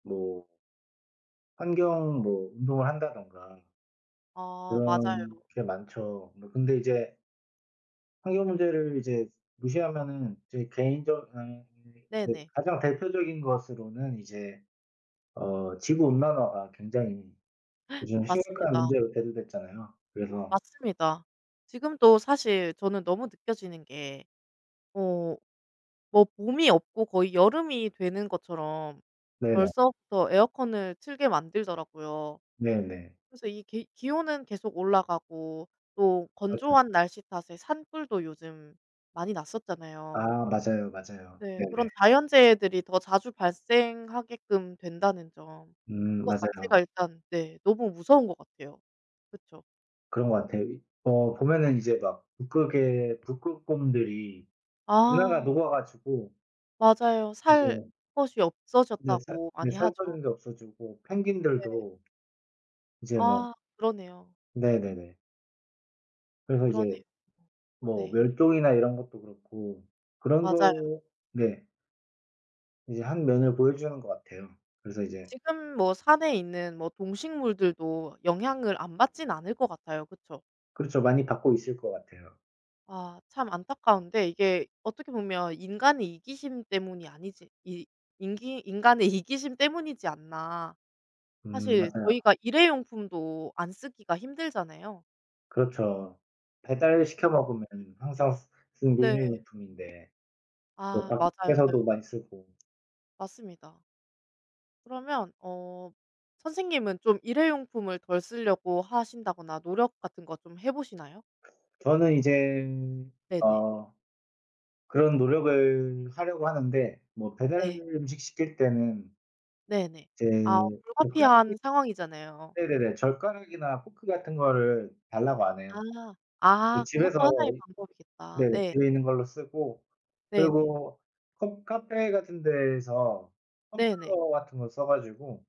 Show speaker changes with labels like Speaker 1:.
Speaker 1: 뭐 환경 뭐 운동을 한다든가
Speaker 2: 아.
Speaker 1: 그런
Speaker 2: 맞아요.
Speaker 1: 게 많죠. 뭐 근데 이제 환경 문제를 이제 무시하면은 이제 개인적 [unintelligible] 그
Speaker 2: 네네.
Speaker 1: 가장 대표적인 것으로는 이제 어 지구 온난화가 굉장히 요즘 심각한
Speaker 2: 맞습니다.
Speaker 1: 문제로 대두됐잖아요. 그래서
Speaker 2: 맞습니다. 지금도 사실 저는 너무 느껴지는 게 어 뭐 봄이 없고 거의 여름이 되는 것처럼
Speaker 1: 네네.
Speaker 2: 벌써부터 에어컨을 틀게 만들더라고요.
Speaker 1: 네네.
Speaker 2: 그래서 이 계 기온은 계속 올라가고 또
Speaker 1: 그렇죠.
Speaker 2: 건조한 날씨 탓에 산불도 요즘 많이 났었잖아요.
Speaker 1: 아. 맞아요. 맞아요.
Speaker 2: 네.
Speaker 1: 네네.
Speaker 2: 그런 자연재해들이 더 자주 발생하게끔 된다는 점
Speaker 1: 음.
Speaker 2: 그거
Speaker 1: 맞아요.
Speaker 2: 자체가 일단 네 너무 무서운 것 같아요. 그쵸?
Speaker 1: 그런 것 같아요. 이 어 보면은 이제 막 북극의 북극곰들이 빙하가
Speaker 2: 아.
Speaker 1: 녹아 가지고
Speaker 2: 맞아요. 살
Speaker 1: 이제
Speaker 2: 곳이
Speaker 1: 네. 살
Speaker 2: 없어졌다고
Speaker 1: 네.
Speaker 2: 많이
Speaker 1: 살
Speaker 2: 하죠.
Speaker 1: 환경도 없어지고
Speaker 2: 네.
Speaker 1: 펭귄들도 이제 막
Speaker 2: 아. 그러네요.
Speaker 1: 네네네. 그래서
Speaker 2: 그러네요.
Speaker 1: 이제 뭐
Speaker 2: 네.
Speaker 1: 멸종이나 이런 것도 그렇고 그런
Speaker 2: 맞아요.
Speaker 1: 거 네. 이제 한 면을 보여주는 것 같아요. 그래서 이제
Speaker 2: 지금 뭐 산에 있는 뭐 동식물들도 영향을 안 받지는 않을 것 같아요. 그쵸?
Speaker 1: 그렇죠. 많이 받고 있을 것 같아요.
Speaker 2: 아. 참 안타까운데 이게 어떻게 보면 인간의 이기심 때문이 아니지 이 인기 인간의 이기심 때문이지 않나.
Speaker 1: 음
Speaker 2: 사실
Speaker 1: 맞아요.
Speaker 2: 저희가 일회용품도 안 쓰기가 힘들잖아요.
Speaker 1: 그렇죠. 배달시켜
Speaker 2: [unintelligible]
Speaker 1: 먹으면은 항상 쓰 쓰는 게
Speaker 2: 네.
Speaker 1: 일회용품인데. 뭐
Speaker 2: 아. 맞아요.
Speaker 1: 밖에서도 많이 쓰고.
Speaker 2: 맞습니다. 그러면 어 선생님은 좀 일회용품을 덜 쓰려고 하신다거나 노력 같은 거 좀 해 보시나요?
Speaker 1: 저는 이젠
Speaker 2: 네네.
Speaker 1: 어 그런 노력을 하려고 하는데 뭐 배달
Speaker 2: 네.
Speaker 1: 음식 시킬 때는
Speaker 2: 네네.
Speaker 1: 이제
Speaker 2: 아
Speaker 1: 젓가락이
Speaker 2: 불가피한 상황이잖아요.
Speaker 1: 네네네 젓가락이나 포크 같은 거를 달라고 안 해요.
Speaker 2: 아.
Speaker 1: 네.
Speaker 2: 아. 그것도
Speaker 1: 집에서
Speaker 2: 하나의 방법이겠다.
Speaker 1: 네
Speaker 2: 네.
Speaker 1: 집에 있는 걸로 쓰고
Speaker 2: 네네.
Speaker 1: 그리고 커 카페 같은 데에서
Speaker 2: 네네.
Speaker 1: 텀블러 같은 거 써 가지고